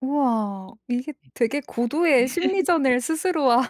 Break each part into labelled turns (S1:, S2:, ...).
S1: 우와. 이게 되게 고도의
S2: 네.
S1: 심리전을 스스로와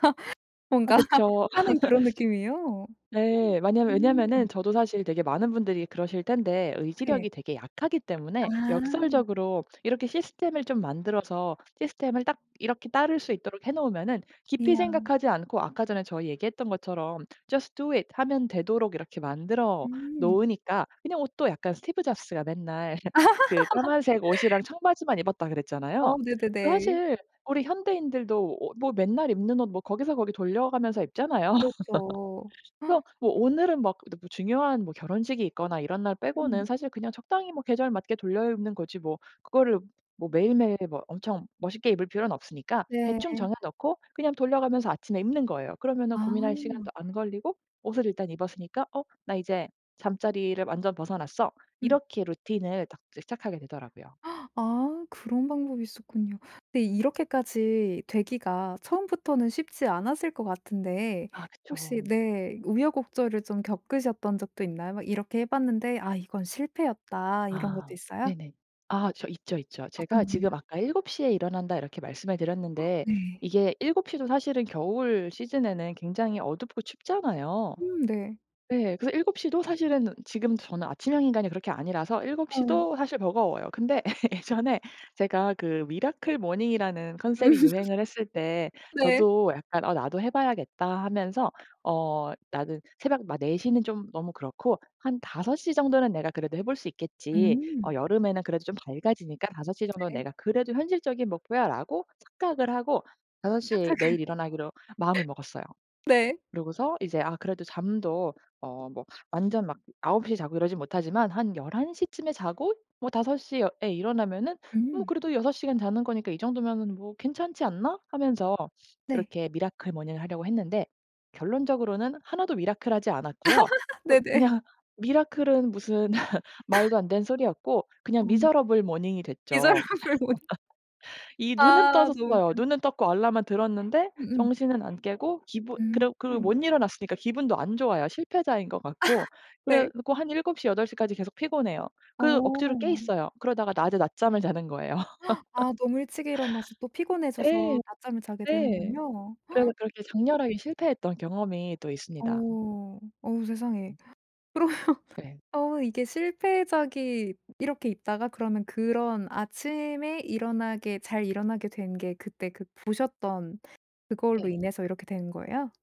S2: 아
S1: 뭔가
S2: 그쵸.
S1: 하는 그런 느낌이에요.
S2: 네. 마냐 왜냐하면은
S1: 음.
S2: 저도 사실 되게 많은 분들이 그러실 텐데
S1: 네.
S2: 의지력이 되게 약하기 때문에
S1: 아.
S2: 역설적으로 이렇게 시스템을 좀 만들어서 시스템을 딱 이렇게 따를 수 있도록 해 놓으면은 깊이
S1: 이야.
S2: 생각하지 않고 아까 전에 저희 얘기했던 것처럼 "Just do it." 하면 되도록 이렇게 만들어
S1: 음.
S2: 놓으니까 그냥 옷도 약간 스티브 잡스가 맨날 그 까만색 옷이랑 청바지만 입었다 그랬잖아요.
S1: 어 네네네.
S2: 사실 우리 현대인들도 옷 뭐 맨날 입는 옷 뭐 거기서 거기 돌려 가면서 입잖아요.
S1: 그렇죠.
S2: 그래서 뭐 오늘은 막 너무 중요한 뭐 결혼식이 있거나 이런 날 빼고는
S1: 음.
S2: 사실 그냥 적당히 뭐 계절 맞게 돌려입는 거지 뭐 그거를 뭐 매일매일 뭐 엄청 멋있게 입을 필요는 없으니까 대충
S1: 네.
S2: 정해 놓고 그냥 돌려가면서 아침에 입는 거예요. 그러면은 고민할
S1: 아.
S2: 시간도 안 걸리고 옷을 일단 입었으니까 '어? 나 이제 잠자리를 완전 벗어났어.'
S1: 음.
S2: 이렇게 루틴을 딱 이제 시작하게 되더라고요.
S1: 아. 그런 방법이 있었군요. 근데 이렇게까지 되기가 처음부터는 쉽지 않았을 것 같은데
S2: 아
S1: 혹시
S2: 그쵸.
S1: 네 우여곡절을 좀 겪으셨던 적도 있나요? 막 '이렇게 해 봤는데 아 이건 실패였다.' 이런 것도
S2: 아.
S1: 있어요?
S2: 네네. 아 저 있죠, 있죠. 제가
S1: 어떤 거요?
S2: 지금 아까 "7 시에 일어난다." 이렇게 말씀을 드렸는데
S1: 네.
S2: 이게 7 시도 사실은 겨울 시즌에는 굉장히 어둡고 춥잖아요.
S1: 음 네.
S2: 네. 그래서 7 시도 사실은 지금 저는 아침형 인간이 그렇게 아니라서 7
S1: 아.
S2: 시도 사실 버거워요. 근데 예전에 제가 그 미라클 모닝이라는 컨셉이 유행을 했을 때
S1: 네.
S2: 저도 약간 '어 나도 해 봐야겠다.' 하면서 '어 나는 새벽 막 4 시는 좀 너무 그렇고 한 5 시 정도는 내가 그래도 해 볼 수 있겠지. 어
S1: 음.
S2: 여름에는 그래도 좀 밝아지니까 5 시 정도는
S1: 네.
S2: 내가 그래도 현실적인 목표야.'라고 착각을 하고 5 시에 매일
S1: 착각을.
S2: 일어나기로 마음을 먹었어요.
S1: 네.
S2: 그러고서 이제 '아 그래도 잠도 어 뭐 완전 막 9 시에 자고 이러진 못하지만 한 11 시쯤에 자고 뭐 5 시어 에 일어나면은 뭐
S1: 음.
S2: 그래도 6 시간 자는 거니까 이 정도면은 뭐 괜찮지 않나?' 하면서
S1: 네.
S2: 이렇게 미라클 모닝을 하려고 했는데 결론적으로는 하나도 미라클 하지 않았고요. 엇
S1: 네네.
S2: 그냥 미라클은 무슨 말도 안 되는 소리였고 그냥
S1: 어.
S2: 미저러블 모닝이 됐죠.
S1: 미저러블 모닝.
S2: 이 눈은
S1: 아. 너무
S2: 떠졌어요.
S1: 웃겨.
S2: 눈은 떴고 알람은 들었는데
S1: 음음.
S2: 정신은 안 깨고 기분 그러
S1: 음.
S2: 그 못 일어났으니까 기분도 안 좋아요 실패자인 것 같고.
S1: 네.
S2: 그래 갖고 한 7 시, 8 시까지 계속 피곤해요. 그 억지로 깨
S1: 어.
S2: 있어요. 그러다가 낮에 낮잠을 자는 거예요.
S1: 아 너무 일찍 일어나서 또
S2: 예.
S1: 피곤해져서 낮잠을 자게
S2: 예.
S1: 되는군요.
S2: 그래서 그렇게 장렬하게 실패했던 경험이 또 있습니다.
S1: 어. 어우 세상에.
S2: 음.
S1: 그러면
S2: 네.
S1: 어 이게 실패작이 이렇게 있다가 그러면 그런 아침에 일어나게 잘 일어나게 된 게 그때 그 보셨던 그걸로
S2: 예.
S1: 인해서 이렇게 된 거예요?